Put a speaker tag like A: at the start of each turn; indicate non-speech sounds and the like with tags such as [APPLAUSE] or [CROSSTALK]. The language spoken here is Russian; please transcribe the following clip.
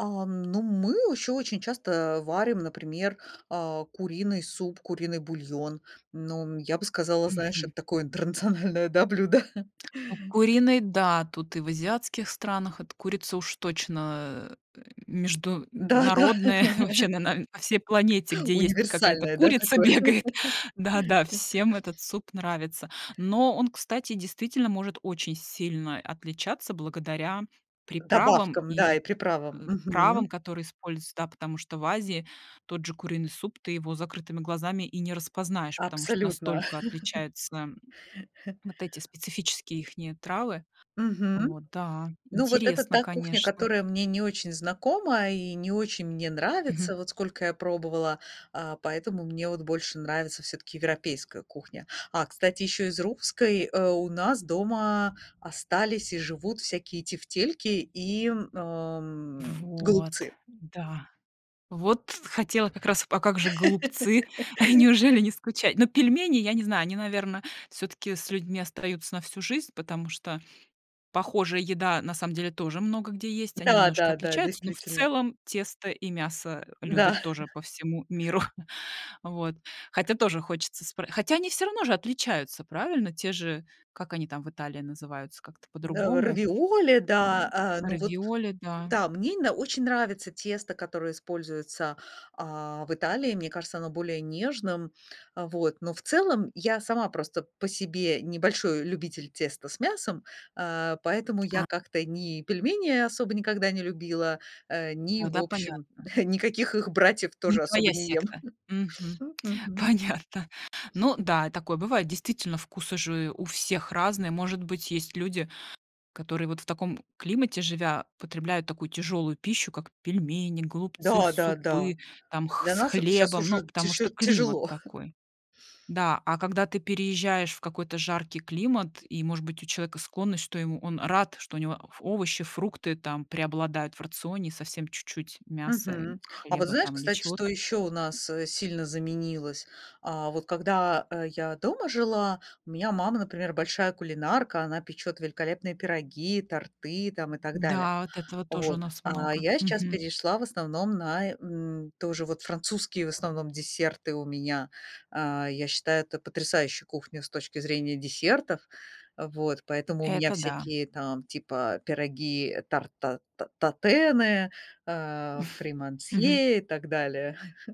A: Ам, ну мы еще очень часто варим, например, а, куриный суп, куриный бульон. Ну, я бы сказала, знаешь,
B: Мгм.
A: это такое интернациональное, да, блюдо. [CHUCKLES]
B: Ну, куриный- да, тут и в азиатских странах, эта курица уж точно, э,
A: Да, да.
B: международная, [CHUCKLES] вообще на
A: [LAUGHS]
B: на всей планете, где есть какая-то
A: Универсальное, да,
B: курица,
A: такое.
B: бегает. Да, да, всем
A: [LAUGHS]
B: этот суп нравится. Но он, кстати, действительно может очень сильно отличаться, благодаря приправам
A: Добавкам, да,
B: и,
A: и приправам.
B: э, травам,
A: Мгм.
B: которые используются, да. Потому что в Азии тот же куриный суп, ты его с закрытыми глазами и не распознаешь, потому что
A: Абсолютно.
B: настолько отличаются, м,
A: [CHUCKLES]
B: вот эти специфические ихние травы.
A: Мгм.
B: Вот, да,
A: Ну, вот это
B: интересно,
A: та кухня,
B: конечно.
A: которая мне не очень знакома и не очень мне
B: Мгм.
A: нравится, вот сколько я пробовала, а, поэтому мне вот больше нравится всё-таки европейская кухня. А, кстати, еще из русской, э, у нас дома остались и живут всякие тефтельки и, м, ам,
B: Вот!
A: голубцы.
B: Да. Вот хотела как раз, а как же голубцы, [CHUCKLES]
A: [LAUGHS]
B: неужели не скучать? Ну, пельмени, я не знаю, они, наверно, всё-таки с людьми остаются на всю жизнь, потому что похожая еда на самом деле тоже много где есть, они
A: Да,
B: немножко
A: да, да,
B: отличаются, но, в
A: действительно.
B: целом, тесто и мясо, э, любят
A: Да.
B: тоже
A: [CHUCKLES]
B: по всему миру. [CHUCKLES] Вот, хотя тоже хочется спр хотя, они все-равно же отличаются, правильно? Те же, как они там в Италии называются? Как-то
A: Э,
B: по-другому.
A: равиоли, да,
B: М,
A: а, ну вот
B: равиоли, да.
A: да, мне именно очень нравится тесто, которое используется, а, в Италии. Мне кажется, оно более нежным. А вот, но, в целом, я сама просто по себе не большой любитель теста с мясом, а, поэтому я
B: А.
A: как-то ни пельмени особо никогда не любила, э, ни, в
B: Тогда
A: общем,
B: понятно.
A: [CHUCKLES] никаких их братьев
B: Не
A: тоже особо
B: твоя
A: не ем.
B: секта. Мгм.
A: [CHUCKLES] М, мгм.
B: Понятно. Ну да, и такое бывает, действительно, вкусы же у всех разные. Может быть, есть люди, которые вот в таком климате живя, потребляют такую тяжелую пищу, как пельмени, голубцы,
A: Да, да, да,
B: супы там
A: а
B: х
A: для
B: с
A: нас это щас
B: хлебом.
A: уже
B: Ну, потому что
A: тяже
B: климат
A: тяжело. [CHUCKLES]
B: такой. Да, а когда ты переезжаешь в какой-то жаркий климат и, может быть, у человека склонность, что ему он рад, что у него ф овощи, фрукты там преобладают в рационе, и совсем чуть-чуть мяса, и
A: Мгм. А вот
B: хлеба
A: знаешь,
B: там, или
A: кстати, что
B: чего-то.
A: еще у нас, э, сильно заменилось? А, вот когда, э, я дома жила, у меня мама, например, большая кулинарка, она печет великолепные пироги, торты там, и так далее.
B: Да, вот этого тоже у
A: Вот,
B: нас
A: а
B: много.
A: я сейчас
B: Мгм.
A: перешла, в основном, на, э, м, тоже вот французские, в основном, десерты у меня. А, я считаю это потрясающая кухня с точки зрения десертов. А вот, поэтому у меня
B: Это да.
A: всякие там типа пироги, тарт, а, татены, а,
B: [CHUCKLES] Мгм.
A: фримансье и так далее. [CHUCKLES]